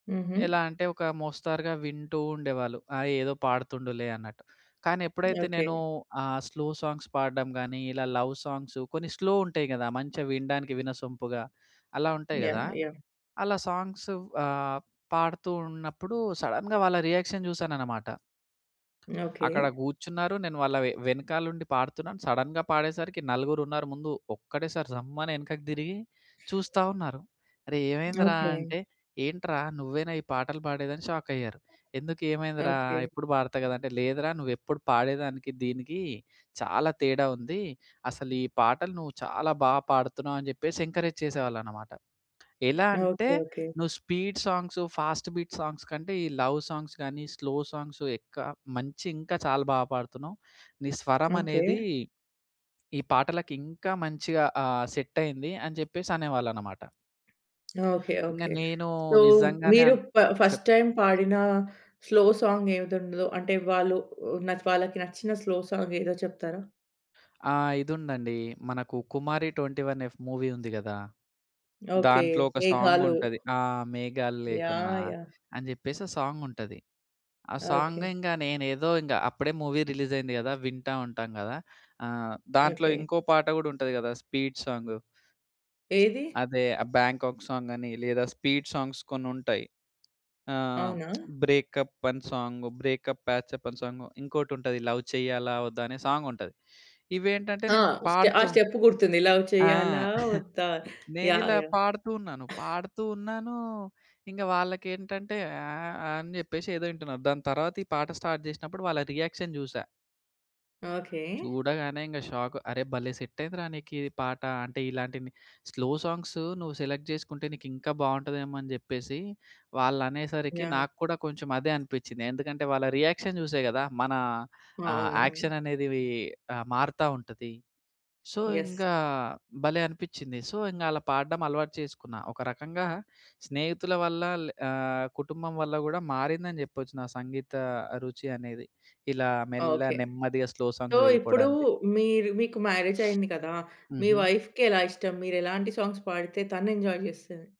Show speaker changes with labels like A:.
A: హుహు.
B: ఎలా అంటే ఒక మోస్తరుగా వింటూ ఉండేవాళ్ళు. ఆ ఏదో పాడుతుండులే అన్నట్టు. కానీ ఎప్పుడైతే
A: ఓకే.
B: నేను ఆహ్, స్లో సాంగ్స్ పాడ్డం గాని, ఇలా లవ్ సాంగ్సు కొన్ని స్లో ఉంటాయి కదా! మంచిగా వినడానికి వినసొంపుగా. అలా ఉంటాయి కదా!
A: యాహ్! యాహ్!
B: అలా సాంగ్సు ఆహ్, పాడుతూ ఉన్నప్పుడు సడెన్‌గా వాళ్ళ రియాక్షన్ జూసాననమాట.
A: ఓకే.
B: అక్కడ గూర్చున్నారు. నేను వాళ్ళ వె వెనకాల ఉండి పాడుతున్నాను. సడెన్‌గా పాడేసరికి నలుగురున్నారు ముందు. ఒక్కటే సారి జమ్మని ఎనకకి దిరిగి చూస్తా ఉన్నారు. "అరేయ్! ఏమైందిరా?"
A: ఓకే.
B: అంటే "ఏంట్రా? నువ్వేనా ఈ పాటలు పాడేది" అని షాక్ అయ్యారు. "ఎందుకు ఏమైందిరా?
A: ఓకే.
B: ఎప్పుడు పాడతా కదా!" అంటే "లేదురా నువెప్పుడు పాడేదానికి, దీనికి చాలా తేడా ఉంది. అసలు ఈ పాటలు నువ్వు చాలా బా పాడుతున్నావు" అని చెప్పేసి ఎంకరేజ్ చేసేవాళ్ళన్నమాట. ఎలా అంటే
A: ఓకే. ఓకే.
B: నువ్వు speed songs, fast beat songs కంటే ఈ లవ్ సాంగ్స్ గాని స్లో సాంగ్స్ ఎక్కువ మంచి ఇంకా చాలా బా పాడుతున్నావు. నీ స్వరం
A: ఓకే.
B: అనేది, ఈ పాటలకి ఇంకా మంచిగా ఆహ్, సెటయ్యింది అని చెప్పేసనేవాళ్ళనమాట.
A: ఓకే.
B: ఇంగా
A: ఓకే.
B: నేను
A: సో
B: నిజంగానే
A: మీరు
B: అన్
A: ప ఫస్ట్
B: చెప్
A: టైమ్ పాడిన స్లో సాంగ్ ఏది ఉన్నదో అంటే వాళ్ళు వాళ్ళకి నచ్చిన స్లో సాంగేదో చెప్తారా?
B: ఆ! ఇదుందండి. మనకు 'కుమారి 21 ఎఫ్' మూవీ ఉంది కదా!
A: ఓకే.
B: దాంట్లో ఒక సాంగ్
A: మేఘాలు
B: ఉంటది. ఆ! 'మేఘాలు లేకున్నా'
A: యాహ్! యాహ్!
B: అని చెప్పేసి ఒ సాంగుంటది. ఆ సాంగు
A: ఓకే.
B: ఇంగ నేనేదో ఇంగ అప్పుడే మూవీ రిలీజ్ అయింది కదా! వింటా ఉంటాం కదా! ఆహ్, దాంట్లో
A: ఓకే.
B: ఇంకో పాట కూడా ఉంటది కదా! Speed song.
A: ఏది?
B: అదే ఆ 'బ్యాంకాక్' సాంగ్ అని, లేదా స్పీడ్ సాంగ్స్ కొన్నుంటాయి. ఆహ్,
A: అవునా?
B: 'బ్రేకప్' అని 'బ్రేకప్ పాచ్ అప్' అని సాంగ్. ఇంకోటుంటది లవ్ చెయ్యాలా వద్దా అనే సాంగ్ ఉంటది. ఇవేంటంటే
A: ఆ
B: నేను
A: స్టె ఆ
B: పాడుతూ
A: స్టెప్ గుర్తుంది. లవ్
B: ఆ!
A: చేయాలా వద్ధా? యాహ్!
B: నేనిలా
A: యాహ్!
B: పాడుతూ ఉన్నాను. పాడుతూ ఉన్నాను. ఇంక వాళ్ళకేంటంటే ఆహ్, ఆహ్, అని చెప్పేసి ఏదో ఇంటున్నారు. దాని తర్వాత ఈ పాట స్టార్ట్ జేసినప్పుడు వాళ్ళ రియాక్షన్ జూసా.
A: ఓకే.
B: చూడగానే ఇంగ షాకు. "అరె! భలే సెట్ అయిందిరా! నీకిది పాట. అంటే ఇలాంటి స్లో సాంగ్సు, నువ్వు సెలెక్ట్ జేసుకుంటే నీకింకా బావుంటదేమో" అని జెప్పేసి వాళ్ళనేసరికి
A: యాహ్!
B: నాకు కూడా కొంచెం అదే అనిపిచ్చింది. ఎందుకంటే వాళ్ళ రియాక్షన్ జుసే కదా! మన ఆహ్,
A: అవునవును.
B: యాక్షన్ అనేదివి ఆహ్, మారుతా ఉంటది. So
A: yes.
B: ఇంకా భలే అనిపిచ్చింది. సో ఇంగా అలా పాడడం అలవాటు చేసుకున్నా. ఒక రకంగా స్నేహితుల వల్ల లే ఆహ్, కుటుంబం వల్ల కూడా మారిందని చెప్పొచ్చు నా సంగీత రుచి అనేది. ఇలా మెల్ల
A: ఓకే.
B: నెమ్మదిగా స్లో
A: సో
B: సాంగ్స్
A: ఇప్పుడు
B: వెళ్ళిపోవడానికి.
A: మీరు మీకు మ్యారేజ్ అయింది కదా! మీ
B: హుహు.
A: వైఫ్‌కి ఎలా ఇష్టం మీరెలాంటి సాంగ్స్ పాడితే తనేంజాయ్ చేస్తది?